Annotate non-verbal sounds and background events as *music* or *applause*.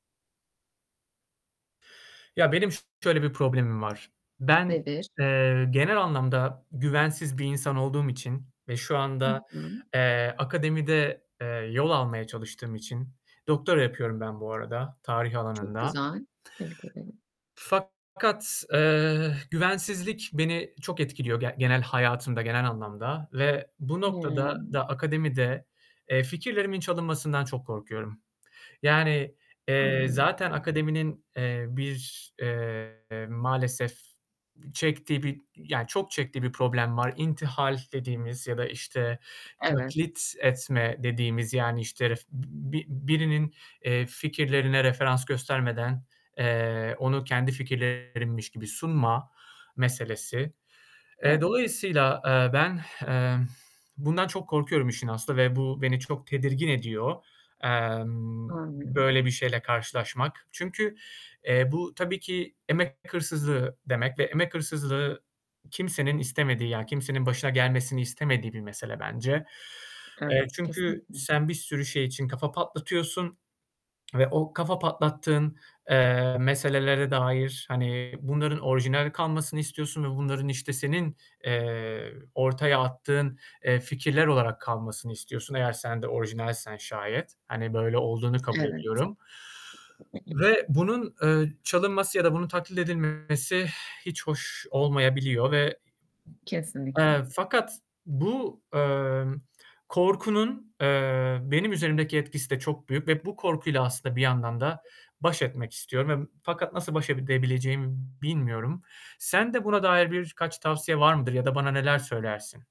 Ya, benim şöyle bir problemim var. Ben, Nedir? eee, genel anlamda güvensiz bir insan olduğum için ve şu Hı anda, hı. eee, akademide, eee, yol almaya çalıştığım için, doktora yapıyorum ben bu arada, tarih Çok alanında. güzel. Tebrik ederim. Fakat, eee, güvensizlik beni çok etkiliyor ge genel hayatımda, genel anlamda ve bu noktada Hımm. da akademide, eee, fikirlerimin çalınmasından çok korkuyorum. Yani, eee, Anladım. zaten akademinin, eee, bir, eee, maalesef çektiği bir yani, çok çektiği bir problem var. İntihal dediğimiz ya da işte, *unintelligible* Evet. kilit etme dediğimiz, yani, işte, re bi birinin, eee, fikirlerine referans göstermeden, eee, onu kendi fikirlerinmiş gibi sunma meselesi. E, Evet. dolayısıyla, eee, ben, *exhales* eee, bundan çok korkuyorum işin aslı ve bu beni çok tedirgin ediyor. Emm, Anlıyorum. böyle bir şeyle karşılaşmak. Çünkü, eee, bu tabii ki emek hırsızlığı demek ve emek hırsızlığı kimsenin istemediği, ya, kimsenin başına gelmesini istemediği bir mesele bence. Eee, Evet, çünkü kesinlikle. sen bir sürü şey için kafa patlatıyorsun ve o kafa patlattığın, eee, meselelere dair, hani, bunların orijinal kalmasını istiyorsun ve bunların işte senin, eee, ortaya attığın, eee, fikirler olarak kalmasını istiyorsun eğer sen de orijinalsen şayet. Hani, böyle olduğunu kabul Evet. ediyorum. Ve bunun, eee, çalınması ya da bunun taklit edilmesi *exhales* hiç hoş olmayabiliyor ve, Kesinlikle. eee, fakat bu, emm, korkunun, eee, benim üzerimdeki etkisi de çok büyük ve bu korkuyla aslında bir yandan da baş etmek istiyorum ve fakat nasıl baş edebileceğimi bilmiyorum. Sende buna dair birkaç tavsiye var mıdır ya da bana neler söylersin?